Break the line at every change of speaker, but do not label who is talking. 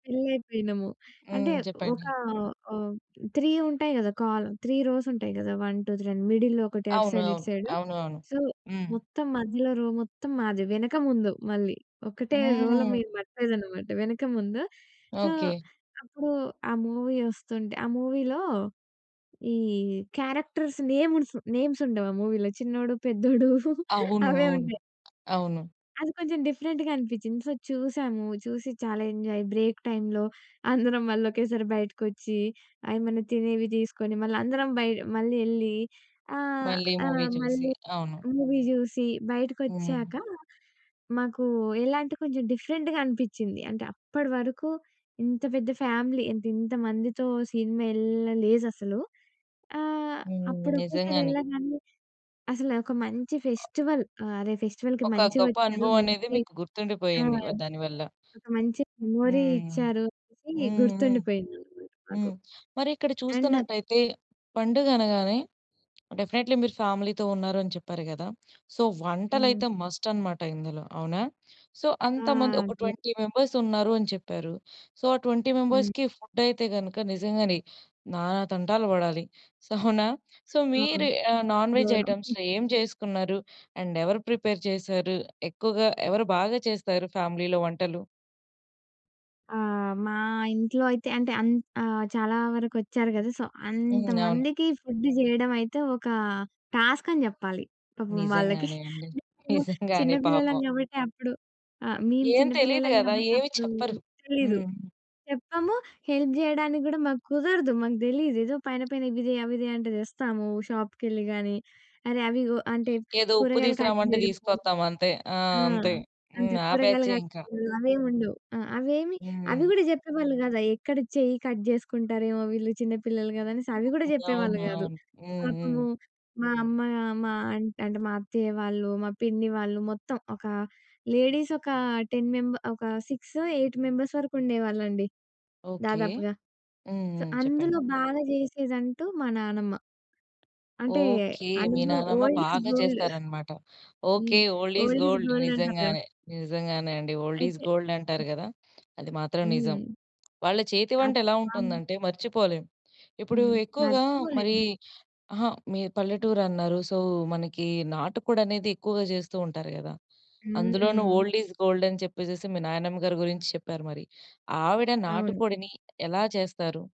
‌థ్రిలయిపోయినము. అంటే
హ్మ్.
ఒక
చెప్పండి?
ఆహ్, 3 ఉంటాయి కదా! కాల్ 3 రోస్ ఉంటాయి కదా! 1, 2, 3 అని మిడిల్‌లో ఒకటి అటు
అవును.
సైడ్ ఇటు
అవును.
సైడ్.
అవునవును.
సో,
హ్మ్.
మొత్తం మధ్యలో రో మొత్తం మాదే. వెనక ముందు మళ్ళీ. ఒకటే రో‌లో
హ్మ్.
మీరు పట్టలేదనమాట. వెనక ముందు. So,
okay.
అప్పుడు ఆ మూవీ వస్తుంటే ఆ మూవీ‌లో ఈ క్యారెక్టర్స్ నేమ్స్ నేమ్స్ ఉండవు ఆ మూవీ‌లో చిన్నోడు పెద్దోడు
అవును.
అవే
అవును.
ఉంటాయి.
అవును.
అది కొంచెం డిఫరెంట్‌గా అనిపిచింది. సో, చూసాము చూసి చాలా ఎంజాయ్ బ్రేక్ టైమ్‌లో. అందరం మళ్ళొక్కేసారి బయటకొచ్చి ఏమైనా తినేవి తీసుకొని మళ్ళందరం బయట మళ్ళి యేలి. ఆ!
మళ్ళీ
ఆ!
మూవీ చూసి.
మళ్ళీ
అవును.
మూవీ చూసి
హ్మ్.
బయటకొచ్చాక, మాకు ఎలాంటే కొంచెం డిఫరెంట్‌గా అనిపించింది. అంటే అప్పటివరకు ఇంత పెద్ద ఫ్యామిలీ. ఎంత ఇంత మందితో సినిమా ఏళ్లలేదసలు. ఆహ్,
హ్మ్.
అప్పుడు ఒకేసారి
నిజంగానే.
ఎళ్ళంగానే అసలు నాకో మంచి ఫెస్టివల్ ఆ! అదే ఫెస్టివల్‌కి
ఒక గొప్ప
మంచిగొచ్చారు.
అనుభవం అనేది
మంచి
మీకు
ఆ!
గుర్తుండిపోయింది. వ దాని వల్ల.
ఒక మంచి మెమరీ
హ్మ్.
ఇచ్చారు అనేసి
హుహు.
గుర్తుండిపోయిందనమాట మాకు.
హ్మ్, మరిక్కడ
అండ్
చూస్తున్నట్టయితే పండుగ అనగానే డెఫినైట్‌లి మీరు ఫ్యామిలీ‌తో ఉన్నారని చెప్పారు కదా! సో,
హ్మ్.
వంటలైతే మస్ట్ అనమాట ఇందులో. అవునా? సో,
ఆ!
అంతమంది ఒక
అదే.
20 మెంబర్స్ ఉన్నారు అని చెప్పారు. సో, ఆ 20
హ్మ్.
మెంబర్స్‌కి ఫుడ్ అయితే గనుక నిజంగానే నానా తంటాలు పడాలి. సొ, అవునా? సో
ఆ!
మీరు ఆహ్, నాన్-వెజ్
గౌరవం.
ఐటెమ్స్‌లో ఏం చేసుకున్నారు? అండ్ ఎవరు ప్రిపేర్ చేసారు. ఎక్కువగా ఎవరు బాగా చేస్తారు ఫ్యామిలీలో వంటలు?
ఆ! మా ఇంట్లో అయితే అంటే అన్ ఆహ్, చాలా వరకొచ్చారు కదా! సో,
హ్మ్. అవును.
అంతమందికి ఫుడ్ చేయడం అయితే, ఒక టాస్క్ అని చెప్పాలి. పాపం వాళ్ళకి
నిజంగానే అండి.
హ్మ్.
నిజంగానే
చిన్నపిల్లలం
పాపం.
కాబట్టి అప్పుడు ఆహ్, మేము
ఏం తెలియదు
చిన్నపిల్లలం
కదా!
కాబట్టి
ఏమి
అప్పుడు
చెప్పరు.
తెలీదు.
హ్మ్.
చెప్పాము హెల్ప్ చేయడానికి కూడా మాకు కుదరదు. మాకు తెలీదు ఏదో పైన పైన ఇవి తే, అవి తే అంటే తెస్తాము. షాప్‌కెళ్ళి కానీ, అరే అవిగొ అంటే
ఏదో ఉప్పు
కూరగాయలు కట్
తిస్కరమంటే
చేయడము.
తీసుకొస్తాం అంతే. ఆ!
ఆ!
అంతే.
అంత
హ్మ్. ఆ
కూరగాయలు
బ్యాచే
కట్
ఇంక.
అవేవుండవు ఆహ్, అవేమి అవి
హ్మ్.
కూడా చెప్పేవాళ్ళు కాదు. అవిక్కడ చెయ్యి కట్ చేసుకుంటారేమో, వీళ్ళు చిన్న పిల్లలు కదా! అనేసి అవి కూడా
[unintelligible]
చెప్పేవాళ్ళు
అవును.
కాదు.
అవును. హుహు.
పాపము మా అమ్మ మా అంటే మా అత్తయ్య వాళ్ళు, మా పిన్ని వాళ్ళు, మొత్తం ఒక లేడీస్ ఒక 10 మెంబ ఒక సిక్సో, ఎయిట్ మెంబర్స్ వరకుండేవాళ్ళండి.
ఓకే.
దాదాపుగా. సొ,
హుహు. చెప్పండి.
అందులో బాగా చేసేదంటూ మా నానమ్మ. అంటే
ఓకే. మీ
అనుభవం
నానమ్మ
ఓల్డ్ ఇస్
బాగా
గోల్డ్.
చేస్తారనమాట. ఓకే,
హ్మ్.
Old is
old is
gold.
Gold అంటారు కదా!
నిజంగానే. నిజంగానే అండి. ఓల్డ్ ఇస్
అయితే
గోల్డ్ అంటారు కదా! అది మాత్రం నిజం.
హ్మ్.
వాళ్ళ చేతి
ఆ!
వంట ఎలా
ఆమ్
ఉంటుందంటే మర్చిపోలేం. ఇప్పుడు
హ్మ్.
ఎక్కువగా మరి
మర్చిపోలేము.
అహా! మీరు పల్లెటూరు అన్నారు. సో, మనకి నాటుకోడనేది ఎక్కువగా చేస్తూ ఉంటారు కదా! అందులోను
హ్మ్.
ఓల్డ్ ఇస్ గోల్డ్ అని చెప్పేసేసి మీ నాయనమ్మ గారి గురించి చెప్పారు మరి. ఆవిడ
అవును.
నాటుకోడిని ఎలా చేస్తారు?